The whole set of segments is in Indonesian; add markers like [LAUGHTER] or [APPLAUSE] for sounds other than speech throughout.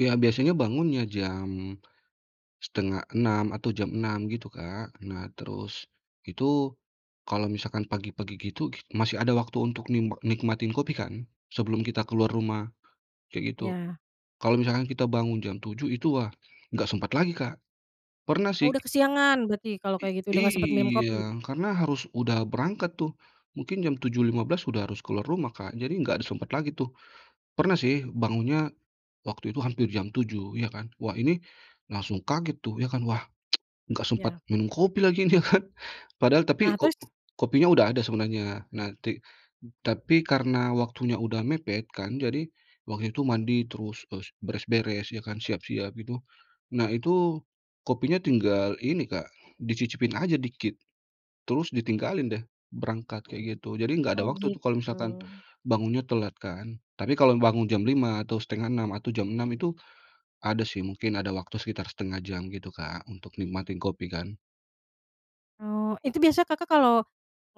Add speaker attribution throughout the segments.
Speaker 1: Iya biasanya bangunnya jam, 5.30 atau jam 6.00 gitu, Kak. Nah terus, itu kalau misalkan pagi-pagi gitu gik masih ada waktu untuk nimba nikmatin kopi kan, sebelum kita keluar rumah, kayak gitu.
Speaker 2: Iya.
Speaker 1: Kalau misalkan kita bangun jam 7.00 itu, wah nggak sempat lagi, Kak. Pernah
Speaker 2: Oh,
Speaker 1: sih
Speaker 2: udah kesiangan berarti kalau
Speaker 1: I
Speaker 2: kayak gitu. Udah nggak sempet minum kopi?
Speaker 1: iya, karena harus udah berangkat tuh, mungkin jam 7.15 udah harus keluar rumah, Kak, jadi nggak ada sempet lagi tuh. Pernah sih bangunnya waktu itu hampir jam 7.00 ya kan, wah ini langsung kaget tuh ya kan, wah [TSK] nggak sempat
Speaker 2: Iya.
Speaker 1: minum kopi lagi ya kan. Padahal
Speaker 2: Nah,
Speaker 1: tapi ko
Speaker 2: terus?
Speaker 1: kopinya udah ada sebenarnya. Nah ti tapi karena waktunya udah mepet kan, jadi waktu itu mandi terus es beres-beres ya kan, siap-siap itu. Nah itu kopinya tinggal ini, Kak, dicicipin aja dikit terus ditinggalin deh, berangkat kayak gitu. Jadi nggak ada
Speaker 2: Oh,
Speaker 1: waktu tuh kalau
Speaker 2: gitu.
Speaker 1: misalkan bangunnya telat kan. Tapi kalau bangun jam 5.00 atau 5.30 atau jam 6.00 itu ada sih mungkin ada waktu sekitar 1/2 jam gitu, Kak, untuk nikmatin kopi kan.
Speaker 2: Oh, itu biasa Kakak kalau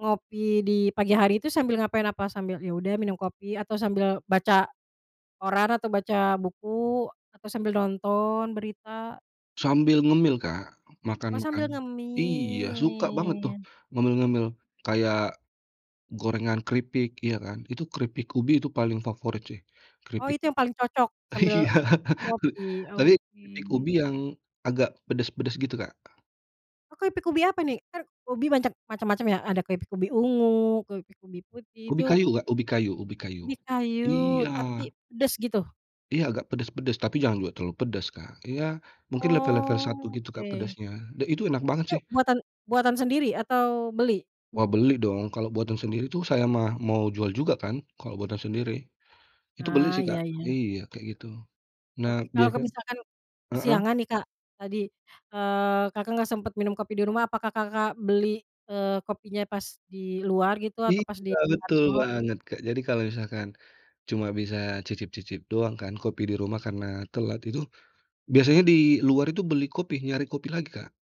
Speaker 2: ngopi di pagi hari itu sambil ngapain apa? Sambil ya udah minum kopi, atau sambil baca koran, atau baca buku, atau sambil nonton berita?
Speaker 1: Sambil ngemil, Kak, makan
Speaker 2: Oh,
Speaker 1: makan
Speaker 2: sambil
Speaker 1: iya suka banget tuh
Speaker 2: ngemil?
Speaker 1: ngemil-ngemil kayak, gorengan keripik ya kan, itu keripik ubi itu paling favorit sih.
Speaker 2: Oh,
Speaker 1: Keripik
Speaker 2: itu yang paling cocok sambil
Speaker 1: iya
Speaker 2: ngopi?
Speaker 1: tapi keripik
Speaker 2: Oke.
Speaker 1: ubi yang agak pedes-pedes gitu, Kak.
Speaker 2: Oh keripik ubi apa nih? Kan ubi banyak macem-macem ya? Ada keripik ubi ungu, keripik ubi putih
Speaker 1: Ubi
Speaker 2: itu
Speaker 1: kayu, Kak. Ubi kayu ubi kayu.
Speaker 2: Ubi
Speaker 1: Iya.
Speaker 2: kayu, tapi pedes gitu?
Speaker 1: Iya agak pedes-pedes tapi jangan juga terlalu pedes, Kak. Ya mungkin level level 1
Speaker 2: Oh,
Speaker 1: gitu, Kak,
Speaker 2: oke.
Speaker 1: pedasnya dan itu enak banget
Speaker 2: Itu
Speaker 1: sih.
Speaker 2: buatan buatan sendiri, atau beli?
Speaker 1: Wah, beli dong kalau buatan sendiri tuh saya mah mau jual juga kan kalau buatan sendiri. Itu beli
Speaker 2: Ah,
Speaker 1: sih,
Speaker 2: iya
Speaker 1: Kak.
Speaker 2: iya.
Speaker 1: Iya kayak gitu. Nah
Speaker 2: Oke, kalau
Speaker 1: biasa
Speaker 2: misalkan
Speaker 1: heeh?
Speaker 2: kesiangan nih Kak tadi, eee, Kakak nggak sempet minum kopi di rumah, apakah Kakak beli, eee, kopinya pas di luar gitu atau
Speaker 1: Iya,
Speaker 2: pas di
Speaker 1: betul
Speaker 2: kantor?
Speaker 1: banget, Kak. Jadi kalau misalkan cuma bisa cicip-cicip doang kan kopi di rumah karena telat itu biasanya di luar itu beli kopi, nyari kopi lagi, Kak.